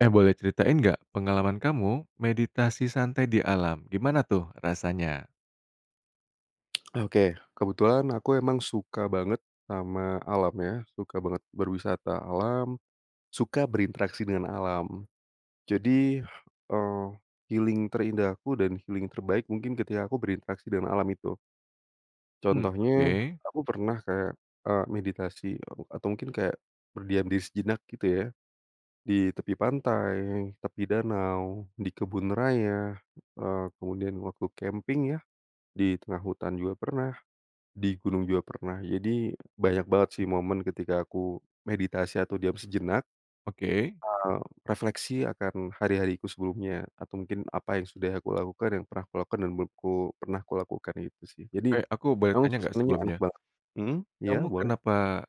Eh, boleh ceritain nggak pengalaman kamu meditasi santai di alam, gimana tuh rasanya? Ah, oke. Kebetulan aku emang suka banget sama alam ya suka banget berwisata alam, suka berinteraksi dengan alam. Jadi, eee, healing terindah aku dan healing terbaik mungkin ketika aku berinteraksi dengan alam itu. Mmm, Contohnya, oke. aku pernah kayak, eee, meditasi, eee, atau mungkin kayak berdiam di sejenak gitu ya. Di tepi pantai, tepi danau, di kebun raya, eee, kemudian waktu camping ya, di tengah hutan juga pernah, di gunung juga pernah. Jadi banyak banget sih momen ketika aku meditasi atau diam sejenak. Oke. Eee, refleksi akan hari-hariku sebelumnya atau mungkin apa yang sudah aku lakukan, yang pernah kulakukan dan menurutku pernah kulakukan itu sih. Jadi, Eh, aku boleh emang tanya nggak suasananya enak sebelumnya? banget. Mmm? Iya Kamu boleh. kenapa,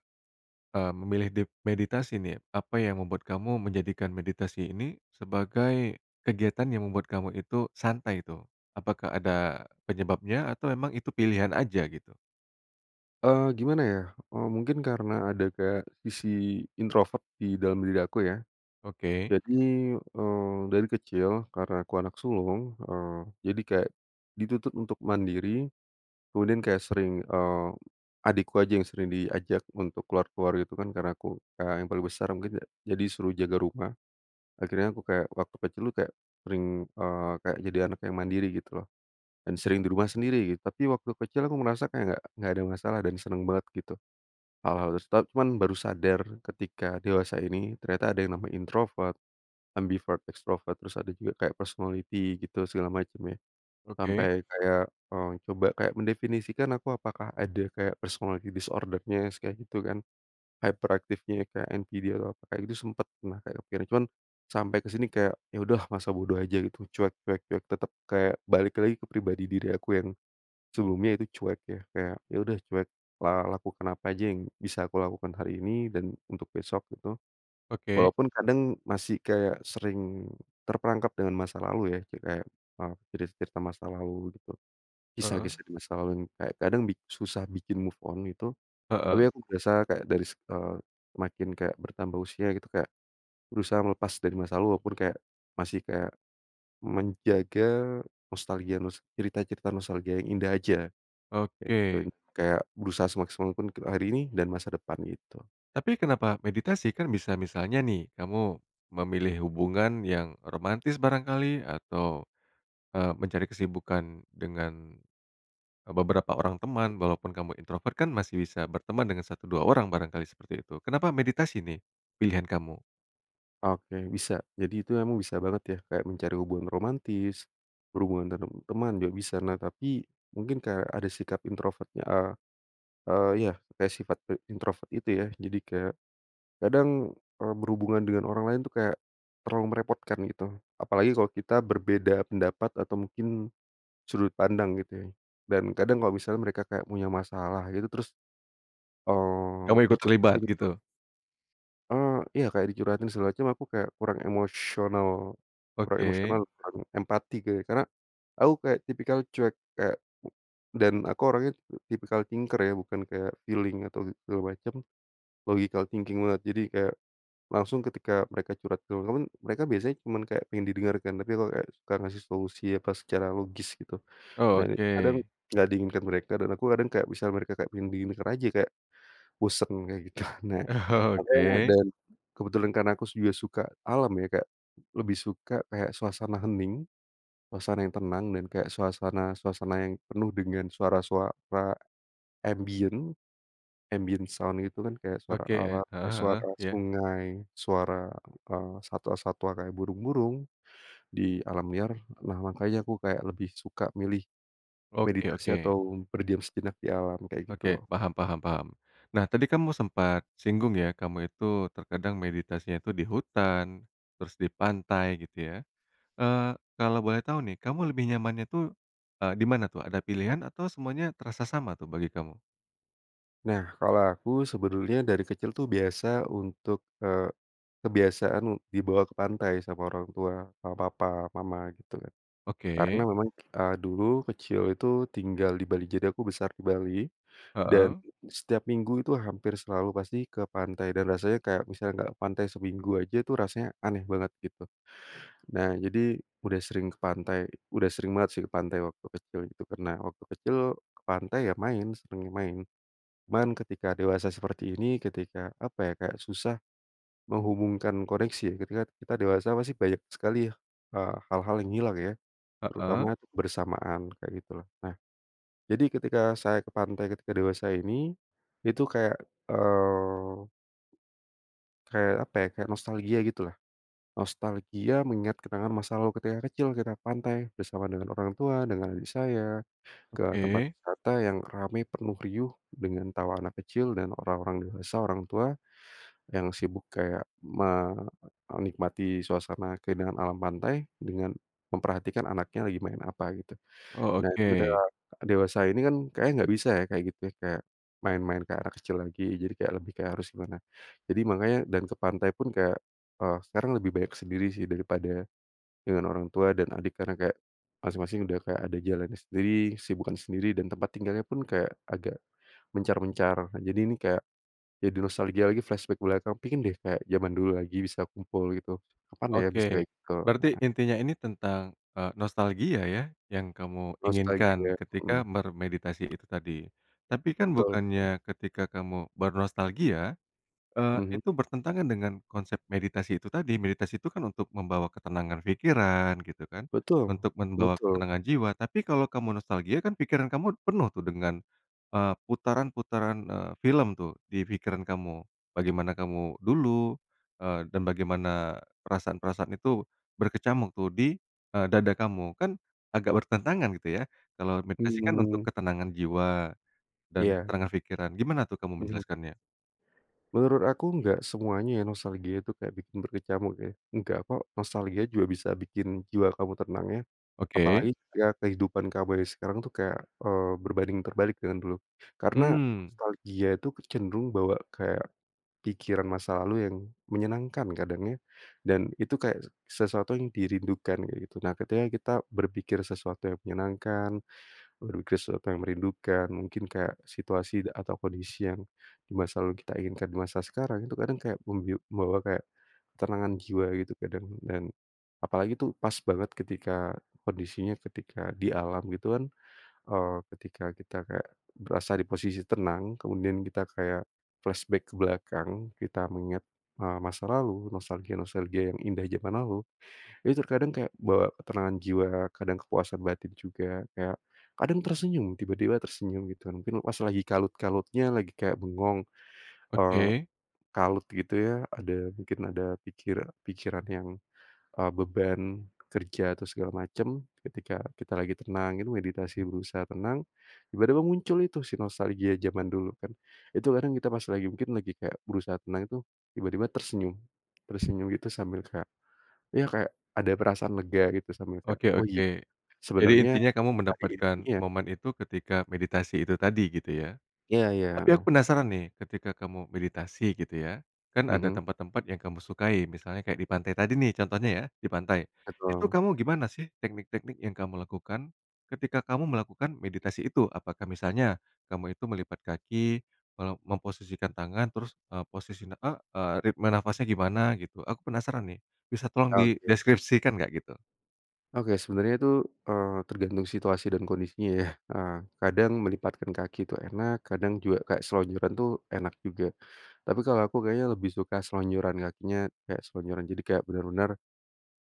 eee, memilih dep meditasi nih? Apa yang membuat kamu menjadikan meditasi ini, sebagai kegiatan yang membuat kamu itu santai itu? Apakah ada, penyebabnya atau emang itu pilihan aja gitu? Eee, gimana ya, eee, mungkin karena ada kayak sisi introvert di dalam diri aku ya. Oke. Jadi, eee, dari kecil karena aku anak sulung, eee, jadi kayak dituntut untuk mandiri, kemudian kayak sering, eee, adikku aja yang sering diajak untuk ke luar-ke luar, gitu kan, karena aku kakak yang paling besar mungkin yak jadi suruh jaga rumah. Akhirnya aku kayak waktu kecil, tuh kayak sering, eee, kayak jadi anak yang mandiri, gitu loh. Dan sering di rumah sendiri gitu, tapi waktu kecil aku merasa kayak nggak nggak ada masalah, dan seneng banget gitu. Hal-hal de stat cuman baru sadar ketika dewasa ini, ternyata ada yang namanya introvert, ambivert, extrovert, terus ada juga kayak personality gitu, segala macem ya. Oke. Sampai kayak, eee, coba kayak mendefinisikan, aku apakah ada kayak personality disorder-nya, s kayak gitu kan. Hyperactive-nya kayak NPD atau apa. Kayak gitu sempet pernah kayak akhirnya cuman, sampai ke sini, kayak ya, udahlah, masa bodo aja gitu, cuek cuek ya tetep kayak balik lagi ke pribadi diri aku yang sebelumnya itu cuek ya. Kayak, ya, udah, cuek, la lakukan apa aja yang bisa aku lakukan hari ini dan untuk besok, gitu. Oke. Walaupun kadang masih kayak sering terperangkap dengan masa lalu, ya. Jadi kayak, eee, jadi cerita masa lalu, gitu. Heeh. Kisah-kisah di masa lalu yang kayak kadang bik susah bikin move on, gitu. Tapi Heeh. aku biasa kayak dari se eee, makin kayak bertambah usia, gitu, kayak berusaha melepas dari masa lalu walaupun kayak masih kayak, menjaga nostalgia nos cerita-cerita nostalgia yang indah aja. Kayak gitu in Oke. kayak berusaha semaksimal untuk hari ini dan masa depan, gitu. Tapi kenapa meditasi? Kan bisa misalnya nih, kamu memilih hubungan yang romantis barangkali, atau, eee, mencari kesibukan dengan, eee, beberapa orang teman walaupun kamu introvert kan masih bisa berteman dengan 1, 2 orang, barangkali seperti itu. Kenapa meditasi nih pilihan kamu? Oke, bisa. Jadi itu emang bisa banget ya. Kayak mencari hubungan romantis, berhubungan dengan teman, juga bisa. Nah tapi, mungkin kayak ada sikap introvertnya, eee eee, ya kayak sifat pe introvert itu ya. Jadi kayak, kadang, eee, berhubungan dengan orang lain tuh kayak terlalu merepotkan gitu. Apalagi kalau kita berbeda pendapat atau mungkin sudut pandang gitu ya, dan kadang kalau misalnya mereka kayak punya masalah gitu, terus, eee, Kamu ikut dicurhatin terlibat, itu gitu? eee, iya kayak dicurhatin segala macem aku kayak kurang emosional kurang Oke. emosional, kurang empati, kayak karena aku kayak tipikal cuek kayak u dan aku orangnya tipikal thinker ya, bukan kayak feeling atau gitu segala macam, logical thinking banget. Jadi kayak langsung ketika mereka curhat teman-teman, mereka biasanya cuman kayak pengin didengarkan. Tapi kalau kayak suka ngasih solusi, apa pas secara logis gitu, Oh, dan itu kadang oke. enggak diinginkan mereka dan aku kadang kayak misal mereka kayak ingin didengarkan aja kayak, bosen kayak gitu. Nah, Oh tapi enak, oke. dan kebetulan karena aku juga suka alam ya, kayak lebih suka kayak suasana hening, suasana yang tenang, dan kayak suasana-suasana yang penuh dengan suara-suara ambient, ambient sound gitu kan, kayak suara Oke, e alam, kek heeh heeh, suara iya. sungai, suara, eee, satwa-satwa kayak burung-burung, di alam liar. Nah makanya aku kayak lebih suka milih, Oke meditasi oke. atau berdiam sejenak di alam, kayak Oke, gitu. paham paham paham. Nah tadi kamu sempat singgung ya, kamu itu terkadang meditasinya itu di hutan, terus di pantai gitu ya. Eee, kalau boleh tahu nih kamu lebih nyamannya tuh, eee, di mana tuh, ada pilihan, atau semuanya terasa sama tuh bagi kamu? Nah, kalau aku sebetulnya dari kecil tuh biasa untuk, eee, kebiasaan dibawa ke pantai sama orang tua sama papa mama gitu, karena Oke. memang, eee, dulu kecil itu tinggal di Bali jadi aku besar di Bali, dan Heeh. setiap minggu itu hampir selalu pasti ke pantai dan rasanya kayak misalnya enggak ke pantai seminggu aja itu rasanya aneh banget gitu. Nah, jadi udah sering ke pantai udah sering banget sih ke pantai waktu kecil itu karena waktu kecil ke pantai ya main seringnya, main cuman ketika dewasa seperti ini ketika apa ya kayak susah, menghubungkan koneksi ketika kita dewasa pasti banyak sekali ya, eee, hal-hal yang hilang ya, Heeh. terutama kebersamaan kayak gitu lah. Nah, jadi ketika saya ke pantai ketika dewasa ini, itu kayak, eee, kayak apa ya kayak nostalgia gitu lah, nostalgia mengingat kenangan masa lalu ketika kecil kita ke pantai bersama dengan orang tua dengan adik saya, ke tempat Oke. wisata yang rame, penuh, riuh, dengan tawa anak kecil dan orang-orang dewasa, orang tua, yang sibuk kayak me menikmati suasana keindahan alam pantai dengan memperhatikan anaknya lagi main apa gitu. Oh Nah itu ketika oke. dewasa ini kan kayaknya enggak bisa ya kayak gitu ya kayak, main-main kayak anak kecil lagi jadi kayak lebih kayak harus gimana. Jadi makanya dan ke pantai pun kayak, eee, sekarang lebih banyak sendiri sih daripada, dengan orang tua dan adik karena kayak, masing-masing udah kayak ada jalannya sendiri, kesibukan sendiri, dan tempat tinggalnya pun kayak agak, mencar-mencar. Nah jadi ini kayak, jadi nostalgia lagi, flashback ke belakang, pingin deh kayak zaman dulu lagi bisa kumpul gitu kapan ya bisa Oke, ke berarti heeh. intinya ini tentang, eee, nostalgia ya yang kamu inginkan Nostalgia, ketika mhm. bermeditasi itu tadi, tapi kan Betul betul. bukannya ketika kamu bernostalgia, eee, Mhm. itu bertentangan dengan konsep meditasi itu tadi meditasi itu kan untuk membawa ketenangan pikiran gitu kan, Betul untuk membawa betul. ketenangan jiwa tapi kalau kamu nostalgia kan pikiran kamu penuh tuh dengan, eee, putaran-putaran, eee, film tuh di pikiran kamu, bagaimana kamu dulu, eee, dan bagaimana perasaan-perasaan itu, berkecamuk tuh di, eee, dada kamu kan agak bertentangan gitu ya kalau meditasi kan untuk Mhm. ketenangan jiwa, dan Iya. ketenangan pikiran gimana tuh kamu Mhm. menjelaskannya? Menurut aku enggak semuanya ya nostalgia itu kayak bikin berkecamuk ya. Enggak, kok. Nostalgia juga bisa bikin jiwa kamu tenang ya, Oke. apalagi ya kehidupan kamu yang sekarang tuh kayak, eee, berbanding terbalik dengan dulu. Karena Mmm. nostalgia itu kecenderung bawa kayak, pikiran masa lalu yang menyenangkan kadang ya dan itu kayak se sesuatu yang dirindukan, kayak gitu. Nah, ketika kita berpikir sesuatu yang menyenangkan, berpikir sesuatu yang merindukan, mungkin kayak situasi da atau kondisi yang, di masa lalu kita inginkan di masa sekarang itu kadang kayak membiu membawa kayak, ketenangan jiwa gitu kadang dan, apalagi tuh pas banget ketika, kondisinya ketika di alam gitu kan, eee, ketika kita kayak, berasa di posisi tenang kemudian kita kayak, flashback ke belakang kita mengingat, eee, masa lalu nostalgia-nostalgia yang indah zaman lalu, itu terkadang kayak bawa ketenangan jiwa kadang kepuasan batin juga kayak, kadang tersenyum tiba-tiba tersenyum gitu mungkin pas lagi kalut-kalutnya lagi kayak bengong, eee, Oke. kalut gitu ya ada mungkin ada pikira pikiran yang, eee, beban kerja atau segala macam ketika kita lagi tenang gitu meditasi berusaha tenang, tiba-tiba muncul itu si nostalgia zaman dulu kan itu kadang kita pas lagi mungkin lagi kayak berusaha tenang itu tiba-tiba tersenyum, tersenyum gitu sambil kayak, ya kayak ada perasaan lega gitu sambil kayak, Oke oh gi oke, jadi sebenernya intinya kamu hari ini mendapatkan ya. momen itu ketika meditasi itu tadi gitu ya, Iya iya, tapi heeh. aku penasaran nih ketika kamu meditasi gitu ya, kan ada Mhm. tempat-tempat yang kamu sukai misalnya kayak di pantai tadi nih contohnya ya di pantai, itu Betul. kamu gimana sih teknik-teknik yang kamu lakukan, ketika kamu melakukan meditasi itu? Apakah misalnya, kamu itu melipat kaki me memposisikan tangan terus, eee, posisi, eee eee, ritme nafasnya gimana gitu? Aku penasaran nih, bisa tolong Oke. dideskripsikan gak gitu? Oke, sebenarnya itu, eee, tergantung situasi dan kondisinya ya, eee, kadang melipatkan kaki tuh enak, kadang juga kayak selonjoran tuh enak juga. Tapi kalau aku kayaknya lebih suka selonjoran kakinya kayak selonjoran, jadi kayak bener-bener,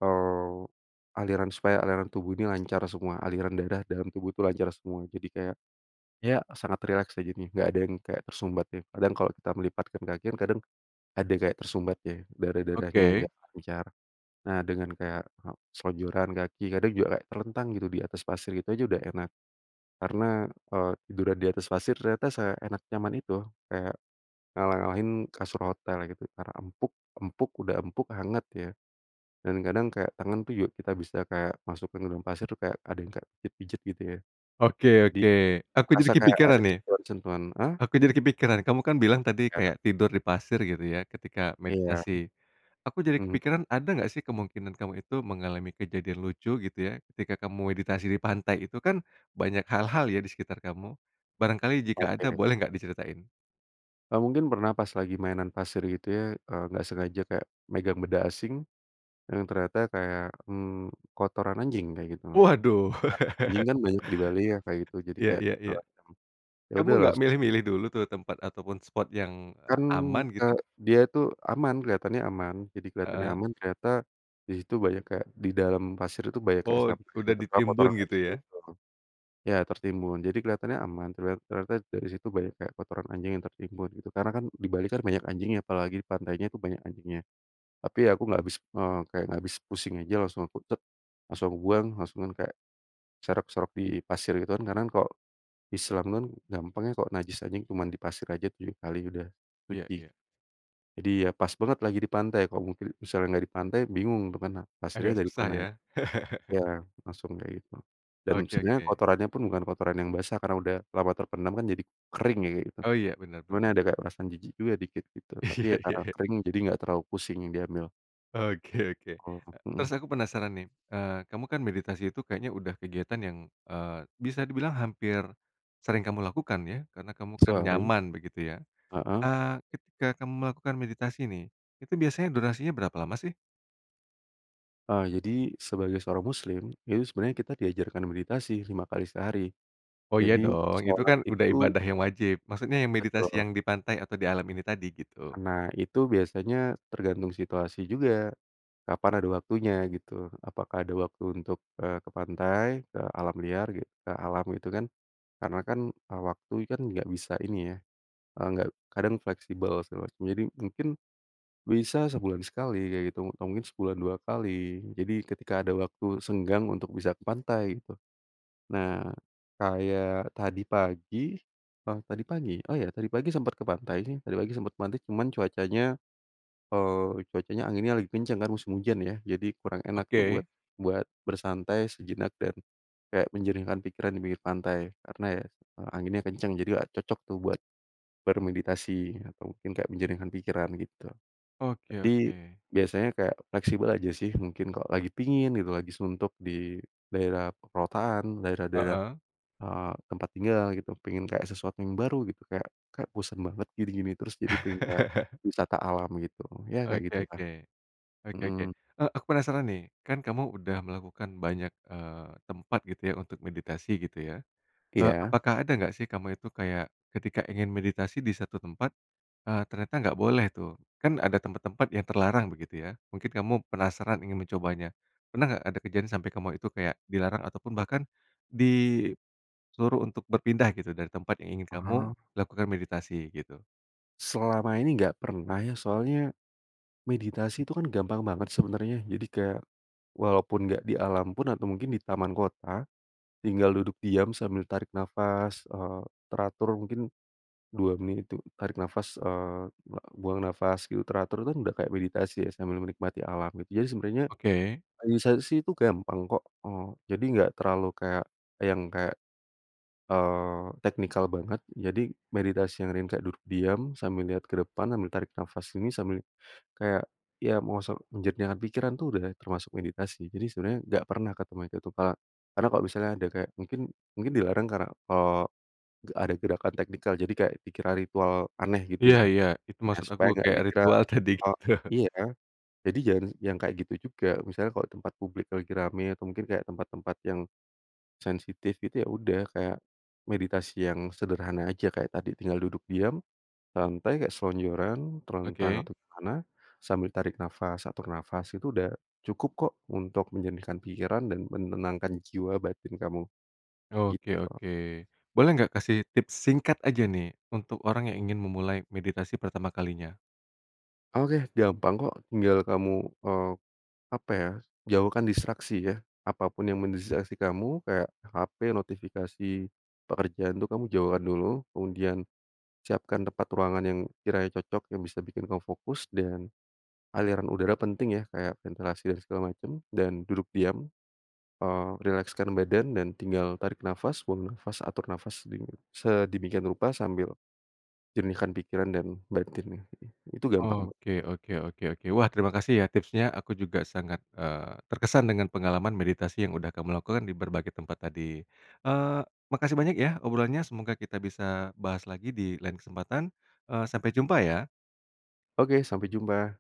eee, aliran supaya aliran tubuh ini lancar semua aliran darah dalam tubuh tuh lancar semua jadi kayak, ya sangat rileks aja nih gak ada yang kayak tersumbat ya. Kadang kalau kita melipatkan kaki kan kadang, ada kayak tersumbat ya, darah-darahnya Oke. gak lancar. Nah, dengan kayak selonjoran kaki kadang juga kayak terlentang gitu di atas pasir itu aja udah enak, karena, eee, tiduran di atas pasir ternyata seenak nyaman itu, kayak, ngalah ngalahin kasur hotel gitu karena empuk empuk udah empuk, hangat ya, dan kadang kayak tangan tuh juga kita bisa kayak masukin ke dalam pasir kayak ada yang kayak dipijat gitu ya, Oke jadi oke, aku jadi kerasa kayak kepikiran ada nih. sentuhan-sentuhan ah? Aku jadi kepikiran kamu kan bilang tadi Ya. kayak tidur di pasir gitu ya ketika Iya, meditasi, aku jadi mhm. kepikiran ada enggak sih kemungkinan kamu itu mengalami kejadian lucu gitu ya ketika kamu meditasi di pantai itu kan banyak hal-hal ya di sekitar kamu, barangkali jika ada Oke. boleh enggak diceritain? Nah mungkin pernah pas lagi mainan pasir gitu ya, eee, nggak sengaja kayak, megang benda asing, dan ternyata kayak, mmm, kotoran anjing kayak gitu, Waduh. kotoran anjing kan banyak di Bali ya kayak gitu jadi Ya kayak ya ya, segala macem, ya kamu udah nggak langsung [unintelligible] milih-milih dulu tuh tempat ataupun spot yang Kan, aman eee, gitu? dia itu aman, kelihatannya aman, jadi kelihatannya Heeh. aman, ternyata, di situ banyak kayak di dalam pasir itu banyak kayak Oh sampah gitu udah kayak ditimbun kotoran gitu anjing ya? gitu loh, ya tertimbun jadi kelihatannya aman ternya ternyata dari situ banyak kayak kotoran anjing yang tertimbun gitu. Karena kan di Bali kan banyak anjingnya apalagi pantainya tuh banyak anjingnya, tapi ya aku nggak habis eee, kayak nggak habis pusing aja langsung aku tek, langsung aku buang langsungan kayak, serok-serok di pasir gitu kan karena kan kalo, Islam kan gampang ya kalo najis anjing cuman di pasir aja 7 kali udah Iya suci, iya. jadi ya pas banget lagi di pantai, kalau mungkin misalnya nggak di pantai bingung ke mana, Agak pasirnya dari susah mana. ya. Ya langsung kayak gitu. Dan Oke sebenernya oke. kotorannya pun bukan kotoran yang basah karena udah lama terpendam kan jadi kering ya kayak gitu, Oh iya bener cuman ya bener. ada kayak perasaan jijik juga dikit gitu tapi Iya ya karena iya. kering jadi nggak terlalu pusing diambil. Oke oke, Oh, e mhm. terus aku penasaran nih, eee, kamu kan meditasi itu kayaknya udah kegiatan yang, eee, bisa dibilang hampir, sering kamu lakukan ya karena kamu kan Sering. nyaman begitu ya, Heeh. eee, ketika kamu melakukan meditasi nih, itu biasanya durasinya berapa lama sih? Ah, jadi sebagai seorang muslim, itu sebenarnya kita diajarkan meditasi 5 kali sehari. Oh iya Jadi dong, itu sholat kan udah itu ibadah yang wajib, maksudnya yang meditasi Betul. yang di pantai atau di alam ini tadi, gitu. Nah, itu biasanya tergantung situasi juga, kapan ada waktunya gitu. Apakah ada waktu untuk, eee, ke pantai, ke alam liar gitu, ke alam gitu kan. Karena kan, eee, waktu kan enggak bisa ini ya, eee, nggak kadang fleksibel, segala macam. Jadi mungkin, bisa sebulan sekali kayak gitu, atau mungkin sebulan 2 kali. Jadi ketika ada waktu senggang untuk bisa ke pantai, gitu. Nah, kayak tadi pagi oh tadi pagi? Oh ya, tadi pagi sempat ke pantai sih. Tadi pagi sempat ke pantai, cuman cuacanya, eee, cuacanya, anginnya lagi kencang kan musim hujan ya. Jadi kurang enak tuh buat Oke. buat bersantai sejenak dan kayak menjernihkan pikiran di pinggir pantai. Karena ya, anginnya kencang, jadi nggak cocok tuh buat bermeditasi atau mungkin kayak menjernihkan pikiran gitu. Oke Jadi, oke. biasanya kayak fleksibel aja sih, mungkin kalau lagi pingin gitu, lagi suntuk di daerah perkotaan, daerah-daerah, Heeh. eee, tempat tinggal gitu. Pengen kayak sesuatu yang baru gitu, kayak kayak bosen banget gini-gini terus, jadi pingin kayak, wisata alam gitu, ya kayak Oke gitulah. oke. Oke oke, Mhm. eee, aku penasaran nih. Kan kamu udah melakukan banyak, eee, tempat gitu ya untuk meditasi gitu ya. Eee, Iya. apakah ada nggak sih kamu itu kayak, ketika ingin meditasi di 1 tempat, eee, ternyata enggak boleh tuh? Kan ada tempat-tempat yang terlarang begitu ya. Mungkin kamu penasaran ingin mencobanya. Pernah enggak ada kejadian sampai kamu itu kayak dilarang ataupun bahkan, disuruh untuk berpindah gitu dari tempat yang ingin kamu Aha. lakukan meditasi, gitu? Selama ini nggak pernah ya soalnya, meditasi itu kan gampang banget sebenernya. Jadi kayak, walaupun nggak di alam pun atau mungkin di taman kota, tinggal duduk diam sambil tarik nafas, eee, teratur mungkin, 2 menit itu tarik nafas, eee, buang nafas gitu teratur tuh kan udah kayak meditasi ya sambil menikmati alam gitu, jadi sebenernya, Oke. meditasi itu gampang kok, eee, jadi nggak terlalu kayak, yang kayak, eee, teknikal banget, jadi meditasi yang ringan kayak duduk diam sambil lihat ke depan sambil tarik nafas ini sambil kayak ya mau se menjernihkan pikiran tuh udah termasuk meditasi. Jadi sebenernya nggak pernah ketemu yang gitu Kak, karena kalau misalnya ada kayak mungkin mungkin dilarang karena, eee, nggak ada gerakan teknikal, jadi kayak dikira ritual aneh gitu Ya ya, ya, itu ya maksud aku, supaya enggak kayak dikira ritual tadi gitu. iya, jadi jangan yang kayak gitu juga, misalnya kalau tempat publik lagi ramai atau mungkin kayak tempat-tempat yang, sensitif gitu ya udah kayak, meditasi yang sederhana aja kayak tadi tinggal duduk diam, santai kayak selonjoran, telentang Oke. atau ke mana sambil tarik nafas, atur nafas itu udah, cukup kok untuk menjernihkan pikiran dan menenangkan jiwa batin kamu. Oke Gitu. oke, boleh nggak kasih tips singkat aja nih untuk orang yang ingin memulai meditasi pertama kalinya? Oke, gampang kok tinggal kamu, eee, apa ya, jauhkan distraksi ya, apa pun yang mendistraksi kamu kayak hape, notifikasi, pekerjaan itu kamu jauhkan dulu kemudian, siapkan tempat ruangan yang kiranya cocok yang bisa bikin kamu fokus dan, aliran udara penting ya kayak ventilasi dan segala macam dan duduk diam, eee, rilekskan badan dan tinggal tarik nafas, buang nafas, atur nafas sedemi sedemikian rupa sambil, jernihkan pikiran dan batinnya, gitu. Itu gampang banget. Oke oke oke oke. Wah, terima kasih ya tipsnya aku juga sangat, eee, terkesan dengan pengalaman meditasi yang udah kamu lakukan di berbagai tempat tadi. Eee, makasih banyak ya obrolannya, semoga kita bisa bahas lagi di lain kesempatan, eee, sampai jumpa ya. Oke, sampai jumpa.